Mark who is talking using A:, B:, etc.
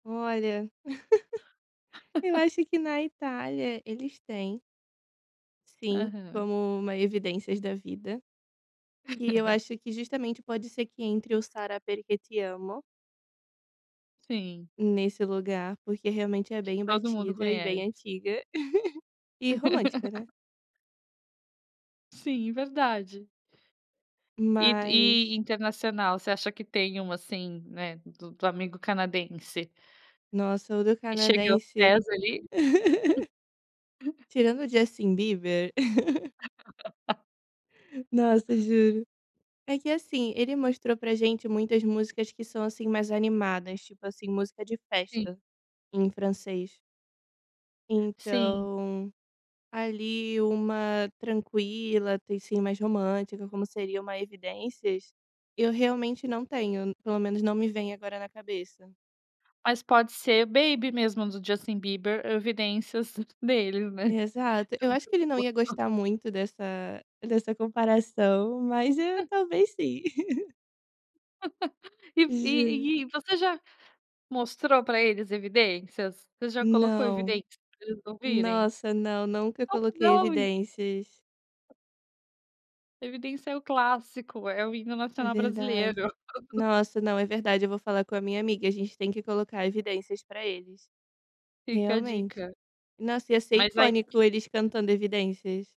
A: Olha. Eu acho que na Itália eles têm sim,
B: Aham.
A: como uma evidências da vida, e eu acho que justamente pode ser que entre o Sarà Perché Ti Amo.
B: Sim.
A: Nesse lugar, porque realmente é bem
B: Todo mundo
A: batida, e bem
B: conhece.
A: antiga, e romântica, né.
B: Sim, verdade. E do
A: Mas
B: e internacional, você acha que tem uma assim, né, do do amigo canadense?
A: Nossa, o do
B: E cheguei aos
A: canadense.
B: pés ali.
A: Tirando o Justin Bieber. Nossa, juro. É que assim, ele mostrou para gente muitas músicas que são, assim, mais animadas, tipo assim, música de
B: Sim.
A: festa, em francês.
B: Sim.
A: Então, ali uma tranquila, tem sim mais romântica, como seria uma evidências, eu realmente não tenho, pelo menos não me vem agora na cabeça.
B: Mas pode ser Baby mesmo do Justin Bieber, evidências deles, né.
A: Exato, eu acho que ele não ia
B: [unintelligible]
A: gostar muito dessa dessa comparação, mas eu talvez sim.
B: E
A: Gen
B: e e você já mostrou para eles evidências? Você já colocou
A: Não.
B: evidências para eles ouvirem?
A: Nossa, não, nunca
B: Como
A: coloquei
B: não?
A: evidências.
B: Evidência é o clássico, é o hino
A: É
B: nacional
A: verdade.
B: brasileiro.
A: Nossa, não, é verdade, eu vou falar com a minha amiga, a gente tem que colocar evidências para eles.
B: Fica a
A: Realmente.
B: dica.
A: Nossa, ia ser
B: Mas aí
A: icônico eles cantando evidências.